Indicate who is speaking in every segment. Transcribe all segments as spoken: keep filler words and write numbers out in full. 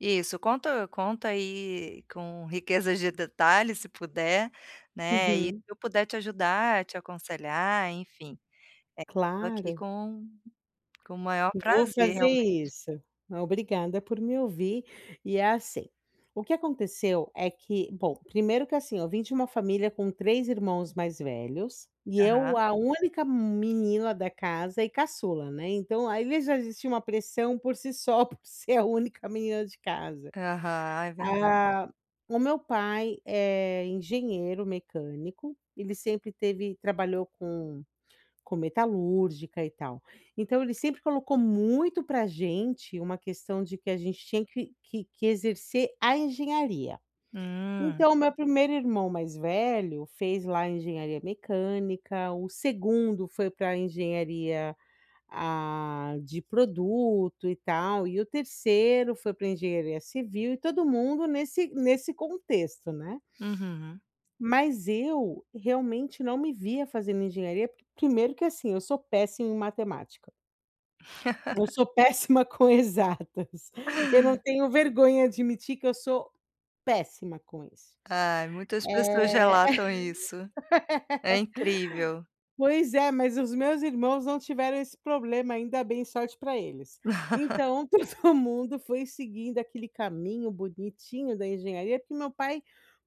Speaker 1: Isso, conta conta aí com riquezas de detalhes, se puder, né, e se
Speaker 2: Uhum.
Speaker 1: eu puder te ajudar, te aconselhar, enfim, eh, tô aqui
Speaker 2: Claro.
Speaker 1: com com o maior
Speaker 2: Vou
Speaker 1: prazer,
Speaker 2: fazer
Speaker 1: realmente.
Speaker 2: isso. E obrigada por me ouvir e é assim. O que aconteceu é que bom, primeiro que assim, eu vim de uma família com três irmãos mais velhos e eu,
Speaker 1: Aham.
Speaker 2: a única m menina da casa e caçula, né, então aí já existia uma pressão por si só, por ser a única menina de casa.
Speaker 1: Aham. É verdade.
Speaker 2: Ah, o meu pai é engenheiro mecânico. Ele sempre teve trabalhou com com metalúrgica e tal. Então ele sempre colocou muito pra gente uma questão de que a gente tinha que que que exercer a engenharia.
Speaker 1: Hum.
Speaker 2: Então o meu primeiro irmão mais velho fez lá engenharia mecânica, o segundo foi pra engenharia a de produto e tal, e o terceiro foi pra engenharia civil e todo mundo nesse nesse contexto, né?
Speaker 1: Uhum.
Speaker 2: Mas eu, realmente não me via fazendo engenharia porque primeiro que assim, eu sou péssima em matemática. Eu sou péssima com exatas. Eu não tenho vergonha de admitir que eu sou péssima com isso.
Speaker 1: Ai, muitas pessoas
Speaker 2: Eh.
Speaker 1: relatam isso. É incrível.
Speaker 2: Pois é, mas os meus irmãos não tiveram esse problema, ainda bem, sorte pra eles. Então todo mundo foi seguindo aquele caminho bonitinho da engenharia porque meu pai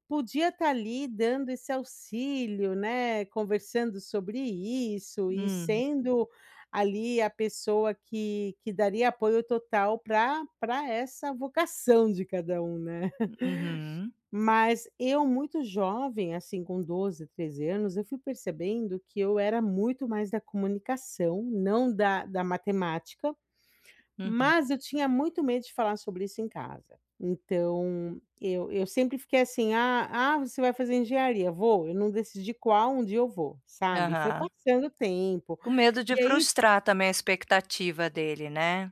Speaker 2: podia estar ali dando esse auxílio, né, conversando sobre isso e
Speaker 1: Hum.
Speaker 2: sendo ali a pessoa que que daria apoio total pra pra essa vocação de cada um, né?
Speaker 1: Uhum.
Speaker 2: Mas, eu muito jovem, assim com doze, treze anos, eu fui percebendo que eu era muito mais da comunicação e não da da matemática,
Speaker 1: Uhum.
Speaker 2: mas eu tinha muito medo de falar sobre isso em casa. Então, eu eu sempre fiquei assim: "Ah ah, você vai fazer engenharia. Vou. Eu não decidi qual, um dia eu vou", sabe? E foi
Speaker 1: Aham.
Speaker 2: passando o tempo,
Speaker 1: Com medo de
Speaker 2: e aí
Speaker 1: frustrar também a expectativa dele, né?